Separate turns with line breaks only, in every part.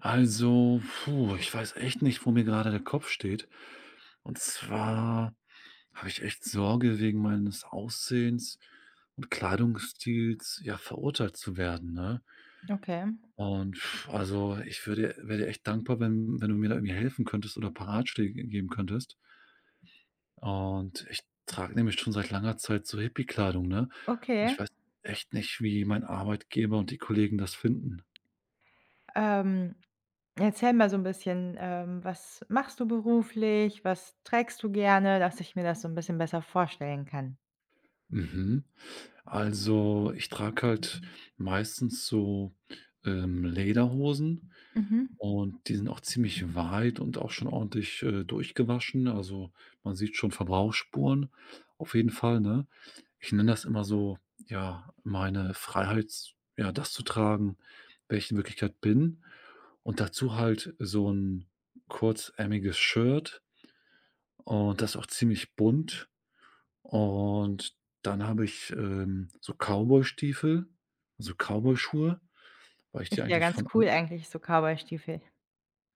Also, puh, ich weiß echt nicht, wo mir gerade der Kopf steht. Und zwar habe ich echt Sorge wegen meines Aussehens und Kleidungsstils, ja, verurteilt zu werden, ne?
Okay.
Und also, ich würde wäre dir echt dankbar, wenn wenn du mir da irgendwie helfen könntest oder paar Ratschläge g geben könntest. Und ich trage nämlich schon seit langer Zeit so Hippie-Kleidung, ne? Und
Okay.
ich weiß echt nicht, wie mein Arbeitgeber und die Kollegen das finden.
Ähm, erzähl mal so 'n bisschen, ähm, was machst du beruflich? Was trägst du gerne, dass ich mir das so 'n bisschen besser vorstellen kann.
Mhm. Also, ich trage halt meistens so, ähm, Lederhosen.
Mhm.
Und die sind auch ziemlich weit und auch schon ordentlich, äh, durchgewaschen. Also, man sieht schon Verbrauchsspuren auf jeden Fall, ne? Ich nenne das immer so ja, meine Freiheit z ja, das zu tragen, wer ich in Wirklichkeit bin und dazu halt so 'n kurzärmeliges Shirt. Und das auch ziemlich bunt. Und dann habe ich, ähm, so Cowboystiefel so Cowboyschuhe, weil ich die
Ist ja
eigentlich
ganz
von
cool
an
eigentlich, so Cowboystiefel.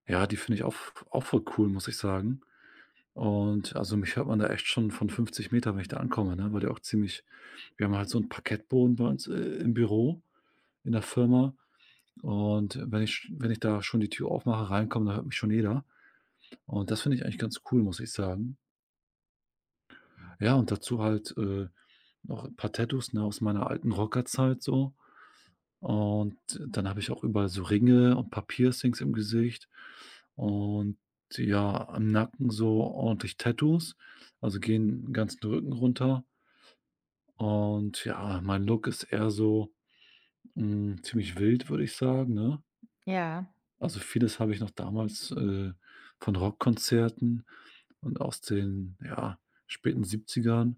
Ja, die finde ich auch v auch voll cool, muss ich sagen. Und, also, mich hört man da echt schon von 50 m, wenn ich da ankomme, ne, weil die auch ziemlich wir haben halt so 'n Parkettboden bei uns, äh, im Büro, in der Firma. Und wenn ich wenn ich da schon die Tür aufmache, reinkomme, dann hört mich schon jeder. Und das finde ich eigentlich ganz cool, muss ich sagen. Ja, und dazu halt, äh, noch 'n paar Tattoos, ne, aus meiner alten Rockerzeit so. Und dann habe ich auch überall so Ringe und 'n paar Piercings im Gesicht und ja, am Nacken so ordentlich Tattoos, also gehen 'n ganzen Rücken runter und ja, mein Look ist eher so, hm, ziemlich wild, würde ich sagen, ne?
Ja.
Also vieles habe ich noch damals, äh, von Rockkonzerten und aus den, ja, späten 70ern.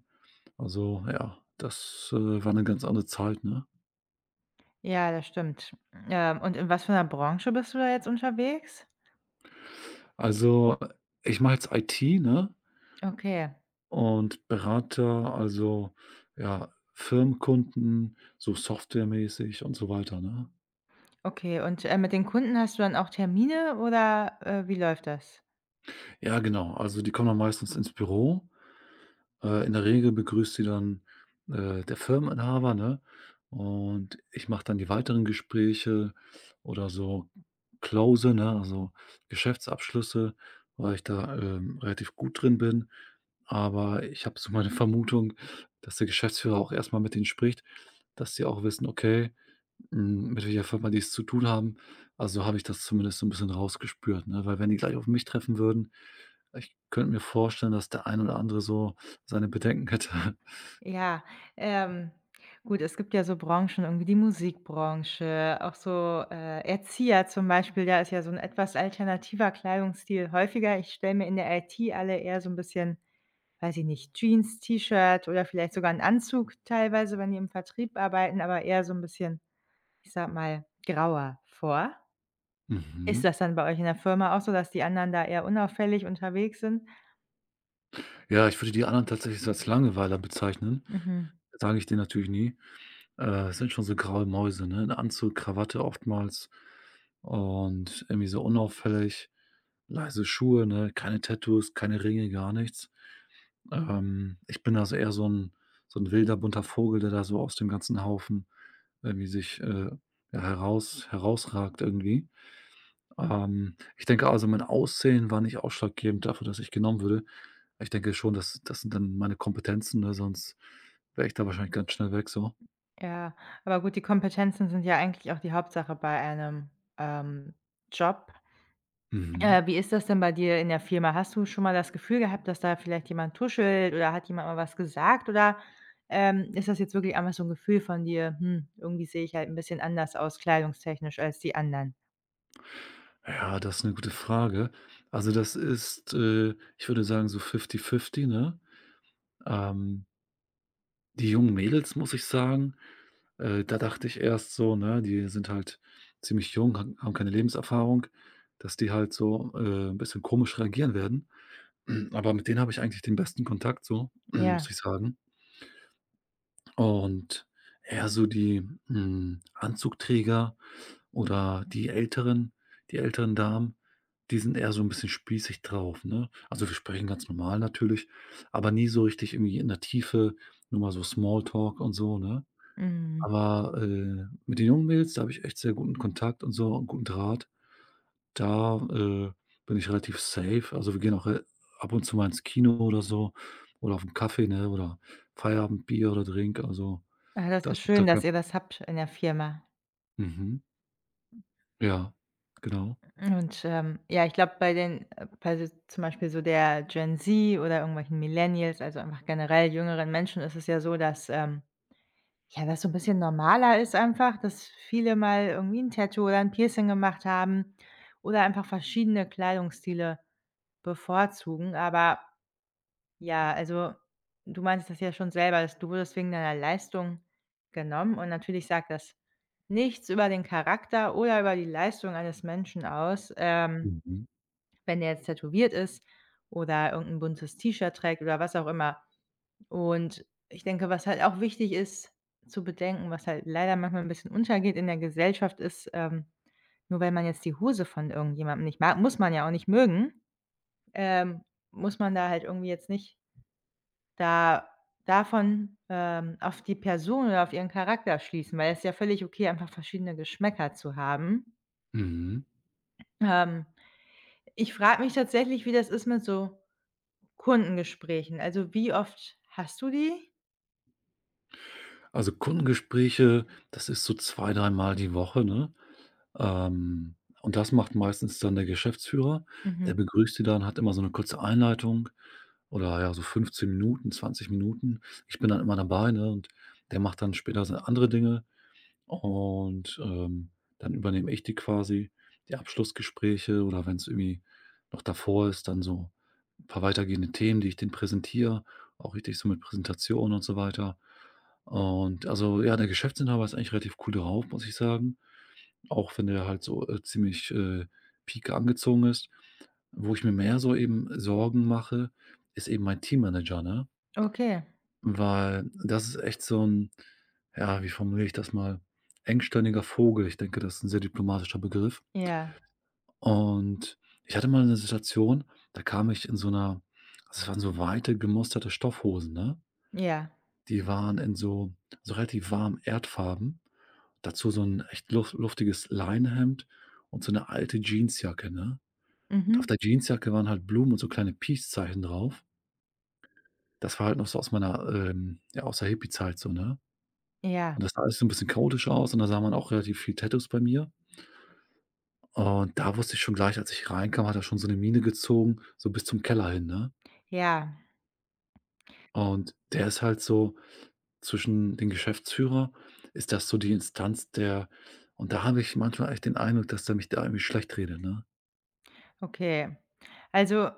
Also ja, das, äh, war 'ne ganz andere Zeit, ne?
Ja, das stimmt. Hm, ähm, und in was für 'ner Branche bist du da jetzt unterwegs?
Also, äh, ich mache jetzt IT, ne
Okay.
und berate, also ja, Firmenkunden, so softwaremäßig und so weiter, ne?
Okay, und ähm, mit den Kunden hast du dann auch Termine, oder, äh, wie läuft das?
Ja, genau. Also, die kommen dann meistens ins Büro. Äh, in der Regel begrüßt sie dann, äh, der Firmeninhaber, ne? Und ich mache dann die weiteren Gespräche oder so close, ne, also Geschäftsabschlüsse, weil ich da, ähm, relativ gut drin bin. Aber ich habe so meine Vermutung, dass der Geschäftsführer auch erstmal mit den spricht, dass sie auch wissen, okay, hm, mit welcher Firma die es zu tun haben. A so habe ich das zumindest so 'n bisschen rausgespürt, ne? Weil wenn die gleich auf mich treffen würden, ich könnte mir vorstellen, dass der ein oder andere so seine Bedenken hätte.
Ja, ähm, gut, es gibt ja so Branchen, irgendwie die Musikbranche, auch so, äh, Erzieher zum Beispiel, da ist ja so 'n etwas alternativer Kleidungsstil häufiger. Ich stelle mir in der IT alle eher so'n bisschen, weiß ich nicht, Jeans, T-Shirt oder vielleicht sogar 'n Anzug teilweise, wenn die im Vertrieb arbeiten, aber eher so'n bisschen, ich sage mal, grauer vor. Ist
Mhm.
das dann bei euch in der Firma auch so, dass die anderen da eher unauffällig unterwegs sind?
Ja, ich würde die anderen tatsächlich als Langweiler bezeichnen,
Mhm.
sage ich denen natürlich nie. Äh, sind schon so graue Mäuse, ne, Anzug, Krawatte oftmals und irgendwie so unauffällig. Leise Schuhe, ne, keine Tattoos, keine Ringe, gar nichts. Ähm, ich bin da so eher so 'n so 'n wilder bunter Vogel, der da so aus dem ganzen Haufen irgendwie sich, äh, heraus herausragt irgendwie. Ähm, ich denke also, mein Aussehen war nicht ausschlaggebend dafür, dass ich genommen wurde. Ich denke schon, das das sind dann meine Kompetenzen, ne, sonst wäre ich da wahrscheinlich ganz schnell weg, so.
Ja, aber gut, die Kompetenzen sind ja eigentlich auch die Hauptsache bei einem, ähm, Job.
Mhm.
Äh, wie ist das denn bei dir in der Firma? Hast du schon mal das Gefühl gehabt, dass da vielleicht jemand tuschelt oder hat jemand mal was gesagt, oder, ähm, ist das jetzt wirklich einfach so 'n Gefühl von dir, hm, irgendwie sehe ich halt 'n bisschen anders aus kleidungstechnisch, als die anderen.
Ja, das 'ne gute Frage. Also, das ist, äh, ich würde sagen, so fifty fifty, ne? Ähm. Die jungen Mädels, muss ich sagen, äh, da dachte ich erst so, ne, die sind halt ziemlich jung, hag haben keine Lebenserfahrung, dass die halt so, äh, 'n bisschen komisch reagieren werden. Aber mit den habe ich eigentlich den besten Kontakt so,
Ja.
muss ich sagen. Und eher so die, hm, Anzugträger oder die älteren die älteren Damen. Die sind eher so 'n bisschen spießig drauf, ne? Also, wir sprechen ganz normal natürlich, aber nie so richtig irgendwie in der Tiefe. Nur mal so Small Talk und so, ne?
Mhm.
Aber, äh, mit den jungen Mädels, da habe ich echt sehr guten Kontakt und so und guten Draht. Da, äh, bin ich relativ safe. Also, wir gehen auch re ab und zu mal ins Kino oder so oder auf 'n Kaffee, ne, oder Feierabendbier oder Drink, also,
Ah, das ist
das ist da
schön, dass
kein
ihr das habt in der Firma.
Mhm. Ja, genau.
Hm, und, ähm, ja, ich glaube, bei den, äh bei d zum Beispiel so der Gen Z oder irgendwelchen Millennials, also, einfach generell jüngeren Menschen ist es ja so, dass, ähm, ja, das so 'n bisschen normaler ist einfach, dass viele mal irgendwie 'n Tattoo oder 'n Piercing gemacht haben oder einfach verschiedene Kleidungsstile bevorzugen, aber, ja, also, du meinst das ja schon selber, dass du wurdest wegen deiner Leistung genommen und natürlich sagt das nichts über den Charakter oder über die Leistung eines Menschen aus. Ähm,
Mhm.
wenn der jetzt tätowiert ist oder irgend 'n buntes T-Shirt trägt oder was auch immer. Und ich denke, was halt auch wichtig ist zu bedenken, was halt leider manchmal 'n bisschen untergeht in der Gesellschaft ist, ähm: Nur weil man jetzt die Hose von irgendjemandem nicht mag- muss man ja auch nicht mögen- ähm, muss man da halt irgendwie jetzt nicht da davon, ähm, auf die Person oder auf ihren Charakter schließen, weil es ist ja völlig okay, einfach verschiedene Geschmäcker zu haben.
Mhm.
Ähm, ich frage mich tatsächlich, wie das ist mit so Kundengesprächen. Also, wie oft hast du die?
Also, Kundengespräche, das ist so zwei, dreimal die Woche, ne? Ähm, und das macht meistens dann der Geschäftsführer, der
Mhm.
begrüßt die dann, hat immer so 'ne kurze Einleitung, oder ja, so 15 Minuten, 20 Minuten. Ich bin dann immer dabei, ne? Und der macht dann später seine andere Dinge. Und, ähm, dann übernehme ich die quasi, die Abschlussgespräche. Oder wenn's irgendwie noch davor ist, dann so 'n paar weitergehende Themen, die ich denen präsentiere, auch richtig so mit Präsentation und so weiter. Und, also ja, der Geschäftsinhaber ist eigentlich relativ cool drauf, muss ich sagen. Auch wenn der halt so, äh, ziemlich, äh, pieke angezogen ist. Wo ich mir mehr so eben Sorgen mache, ist eben mein Teammanager, ne?
Okay.
Weil das ist echt so 'n ja, wie formuliere ich das mal? Engstirniger Vogel. Ich denke, das ist 'n sehr diplomatischer Begriff.
Ja.
Und ich hatte mal 'ne Situation, da kam ich in so 'ner das waren so weite gemusterte Stoffhosen, ne?
Ja.
Die waren in so so relativ warmen Erdfarben, dazu so 'n echt luf luftiges Leinenhemd und so 'ne alte Jeansjacke, ne? Und auf
Mhm.
der Jeansjacke waren halt Blumen und so kleine Peace Zeichen drauf. Das war halt noch so aus meiner, ähm, ja, aus der Hippiezeit, so, ne?
Ja.
Und das sah alles so 'n bisschen chaotisch aus. Und da sah man auch relativ viele Tattoos bei mir. Und da wusste ich schon gleich, als ich reinkam, hat er schon so 'ne Mine gezogen, so bis zum Keller hin, ne?
Ja.
Und der ist halt so, zwischen den Geschäftsführer, ist das so die Instanz der und da habe ich manchmal echt den Eindruck, dass der mich da irgendwie schlecht redet, ne?
Okay. Also,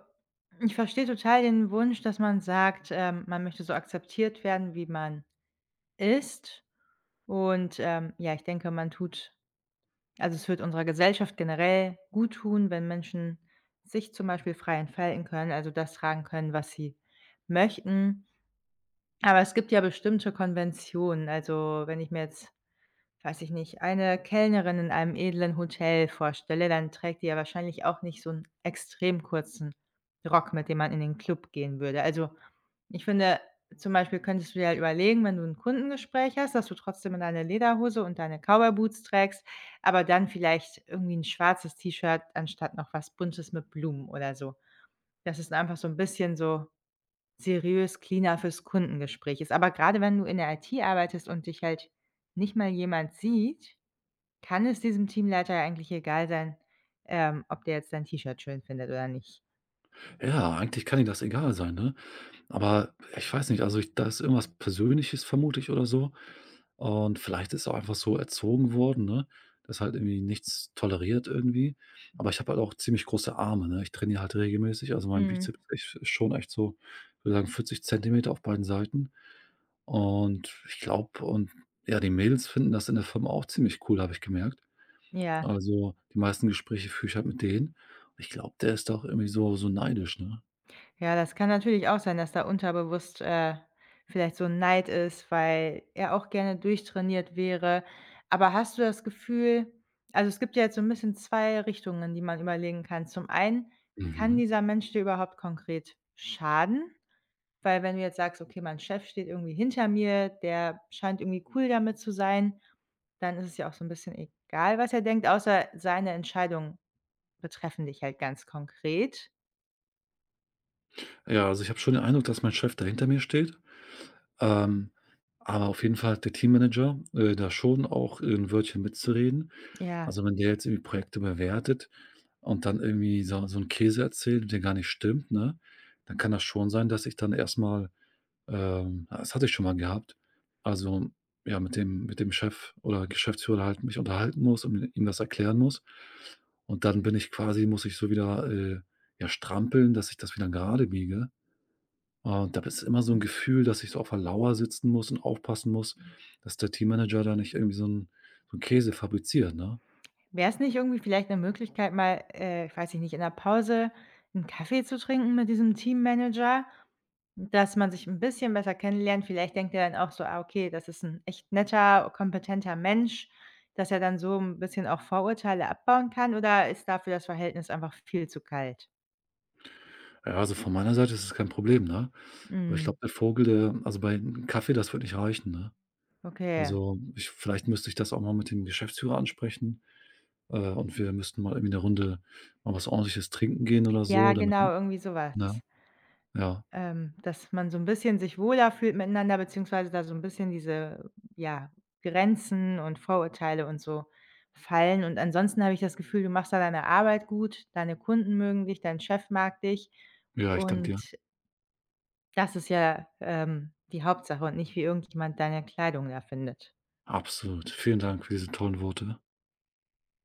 ich verstehe total den Wunsch, dass man sagt, ähm, man möchte so akzeptiert werden, wie man ist und, ähm, ja, ich denke, man tut also, es würde unserer Gesellschaft generell gut tun, wenn Menschen sich zum Beispiel frei entfalten können, also das tragen können, was sie möchten. Aber, es gibt ja bestimmte Konventionen, also wenn ich mir jetzt, weiß ich nicht, eine Kellnerin in einem edlen Hotel vorstelle, dann trägt die ja wahrscheinlich auch nicht so 'n extrem kurzen Rock, mit dem man in den Club gehen würde. Also, ich finde zum Beispiel könntest du dir halt überlegen, wenn du 'n Kundengespräch hast, dass du trotzdem deine Lederhose und deine Cowboy Boots trägst, aber dann vielleicht irgendwie 'n schwarzes T-Shirt anstatt noch was Buntes mit Blumen oder so. Das ist einfach so 'n bisschen so "seriös" cleaner fürs Kundengespräch ist. Aber grade wenn du in der IT arbeitest und dich halt nicht mal jemand sieht, kann es diesem Teamleiter eigentlich egal sein, ähm, ob der jetzt dein T-Shirt schön findet oder nicht.
Ja, eigentlich kann ihm das egal sein, ne? Aber, äh, ich weiß nicht. Also, ich da ist irgendwas Persönliches, vermute ich oder so. Und vielleicht ist er auch einfach so erzogen worden, ne, dass er halt irgendwie nichts toleriert, irgendwie. Aber, ich habe halt auch ziemlich große Arme, ne? Ich trainiere halt regelmäßig. Also, mein
Mhm.
Bizeps ist echt schon echt so würde sagen 40 Zentimeter auf beiden Seiten. Und, ich glaube und ja, die Mädels finden das in der Firma auch ziemlich cool, habe ich gemerkt.
Ja.
Also, die meisten Gespräche führe ich halt mit denen. Und ich glaube, der ist da auch irgendwie so so neidisch, ne?
Ja, das kann natürlich auch sein, dass da unterbewusst, äh, vielleicht so 'n Neid ist, weil er auch gerne durchtrainiert wäre. Aber hast du das Gefühl also es gibt ja jetzt so 'n bisschen zwei Richtungen, die man überlegen kann. Zum einen, kann
Mhm.
dieser Mensch dir überhaupt konkret schaden? Weil, wenn du jetzt sagst: „Okay, mein Chef steht irgendwie hinter mir, der scheint irgendwie cool damit zu sein." Dann ist es ja auch so 'n bisschen egal, was er denkt, außer seine Entscheidungen betreffen dich halt ganz konkret.
Ja, also, ich habe schon den Eindruck, dass mein Chef da hinter mir steht. Ähm, aber auf jeden Fall hat der Teammanager, äh, da schon auch 'n Wörtchen mitzureden.
Ja.
Also, wenn der jetzt irgendwie Projekte bewertet und dann irgendwie so so 'n Käse erzählt, der gar nicht stimmt, ne, dann kann das schon sein, dass ich dann erstmal, ähm das hatte ich schon mal gehabt. Also ja, mit dem mit dem Chef oder Geschäftsführer halt mich unterhalten muss und ih ihm das erklären muss. Und dann bin ich quasi muss ich so wieder, äh, ja strampeln, dass ich das wieder gerade biege. Und da bist immer so 'n Gefühl, dass ich so auf der Lauer sitzen muss und aufpassen muss, dass der Teammanager da nicht irgendwie so' n so 'n Käse fabriziert, ne?
Wäre es nicht irgendwie vielleicht 'ne Möglichkeit, mal, äh, weiß ich nicht, in der Pause 'n Kaffee zu trinken mit diesem Teammanager? Dass man sich 'n bisschen besser kennenlernt. Vielleicht denkt er dann auch so: „Ah, okay, das ist 'n echt netter, kompetenter Mensch.“ Dass er dann so 'n bisschen auch Vorurteile abbauen kann, oder ist dafür das Verhältnis einfach viel zu kalt?
Ja, also, von meiner Seite ist das kein Problem, ne? Aber ich
Mhm.
glaube, der Vogel der also, bei Kaffee, das wird nicht reichen, ne?
Okay.
Also, ich vielleicht müsste ich das auch mal mit dem Geschäftsführer ansprechen, äh, und wir müssten mal irgendwie 'ne Runde mal was Ordentliches trinken gehen oder
Ja,
so, damit
genau, irgendwie sowas.
ne? Ja.
Ähm, dass man so 'n bisschen sich wohler fühlt miteinander, beziehungsweise da so 'n bisschen diese, ja, Grenzen und Vorurteile und so fallen. Und ansonsten habe ich das Gefühl, du machst da deine Arbeit gut, deine Kunden mögen dich, dein Chef mag dich
Ja, ich danke dir.
und das ist ja, ähm, die Hauptsache und nicht wie irgendjemand deine Kleidung da findet.
Absolut. Vielen Dank für diese tollen Worte.